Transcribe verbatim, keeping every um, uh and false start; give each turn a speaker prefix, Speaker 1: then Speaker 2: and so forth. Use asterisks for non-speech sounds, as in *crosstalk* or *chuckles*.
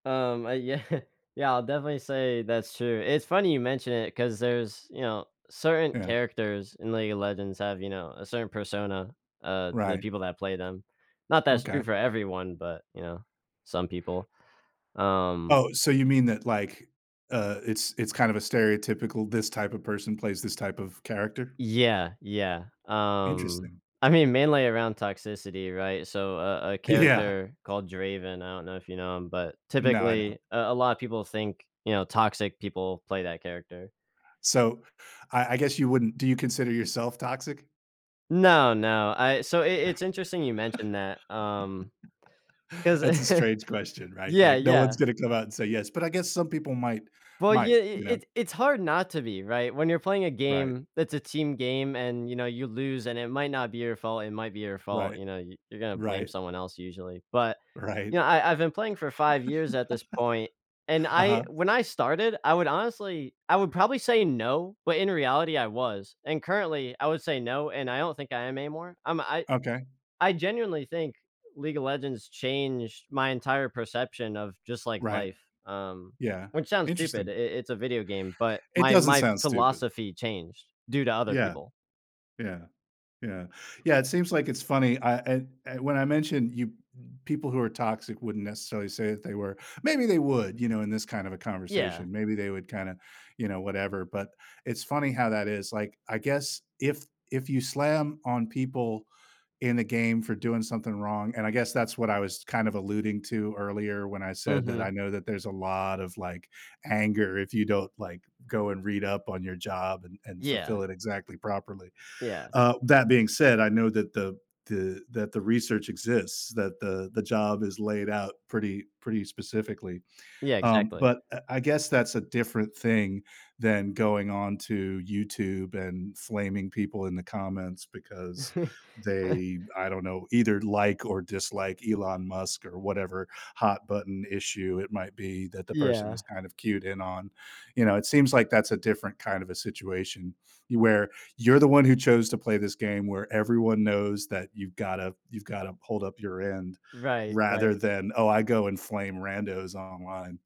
Speaker 1: Um, uh yeah. Yeah, I'll definitely say that's true. It's funny you mention it 'cause there's you know, certain
Speaker 2: Yeah.
Speaker 1: characters in League of Legends have, you know, a certain persona, uh, to the
Speaker 2: Right.
Speaker 1: people that play them. Not that it's true
Speaker 2: Okay.
Speaker 1: for everyone, but, you know, some people. Um
Speaker 2: Oh, so you mean that, like, uh, it's it's kind of a stereotypical this type of person plays this type of character?
Speaker 1: Yeah. Yeah. Um,
Speaker 2: Interesting.
Speaker 1: I mean, mainly around toxicity, right? So, a a
Speaker 2: Yeah.
Speaker 1: character called Draven, I don't know if you know him, but
Speaker 2: No, I don't.
Speaker 1: typically, a a lot of people think, you know, toxic people play that character.
Speaker 2: So, I I guess you wouldn't do you consider yourself toxic?
Speaker 1: No, no. I so, it it it's interesting you mentioned that, um,
Speaker 2: *laughs*
Speaker 1: 'cause
Speaker 2: That's a
Speaker 1: *chuckles*
Speaker 2: strange question, right?
Speaker 1: Yeah,
Speaker 2: Like, no one's
Speaker 1: yeah.
Speaker 2: gonna come out and say yes. But I guess some people might
Speaker 1: Well, yeah,
Speaker 2: might,
Speaker 1: it
Speaker 2: you know?
Speaker 1: it it's hard not to be right? When you're playing a
Speaker 2: Right.
Speaker 1: game, that's a team game and, you know, you lose and it might not be your fault, it might be your fault.
Speaker 2: Right.
Speaker 1: You know, you you're gonna blame
Speaker 2: Right.
Speaker 1: someone else usually. But,
Speaker 2: Right.
Speaker 1: you know, I I've been playing for five years at this point, and I
Speaker 2: *laughs* Uh-huh.
Speaker 1: when I started I would honestly I would probably say no, but in reality I was, and currently I would say no and I don't think I am anymore. I'm I
Speaker 2: Okay.
Speaker 1: I genuinely think League of Legends changed my entire perception of just, like,
Speaker 2: Right.
Speaker 1: life, um,
Speaker 2: Yeah.
Speaker 1: which sounds stupid.
Speaker 2: Interesting.
Speaker 1: It it it's a video game, but,
Speaker 2: It
Speaker 1: my
Speaker 2: doesn't
Speaker 1: my
Speaker 2: sound stupid.
Speaker 1: philosophy changed due to other
Speaker 2: Yeah.
Speaker 1: people.
Speaker 2: Yeah. Yeah. Yeah, it seems like it's funny. I I when I mentioned you people who are toxic wouldn't necessarily say that they were. Maybe they would, you know, in this kind of a
Speaker 1: Yeah.
Speaker 2: conversation. Maybe they would kinda, you know, whatever. But, it's funny how that is, like, I guess if if you slam on people in a game for doing something wrong, and I guess that's what I was kind of alluding to earlier when I said that I
Speaker 1: Mhm.
Speaker 2: know that there's a lot of, like, anger if you don't, like, go and read up on your job and and fulfill
Speaker 1: Yeah.
Speaker 2: it exactly properly.
Speaker 1: Yeah.
Speaker 2: Uh, that being said, I know that the the that the research exists, that the the job is laid out pretty pretty specifically.
Speaker 1: Yeah,
Speaker 2: Um,
Speaker 1: exactly.
Speaker 2: but, uh, I guess that's a different thing than going on to YouTube and flaming people in the comments because
Speaker 1: *chuckles*
Speaker 2: they, I don't know, either like or dislike Elon Musk or whatever hot button issue it might be that the person
Speaker 1: Yeah.
Speaker 2: is kind of cued in on. You know, it seems like that's a different kind of a situation where you're the one who chose to play this game where everyone knows that you've gotta you've gotta hold up your end
Speaker 1: Right.
Speaker 2: rather
Speaker 1: Right.
Speaker 2: than, "Oh, I go and flame randos online."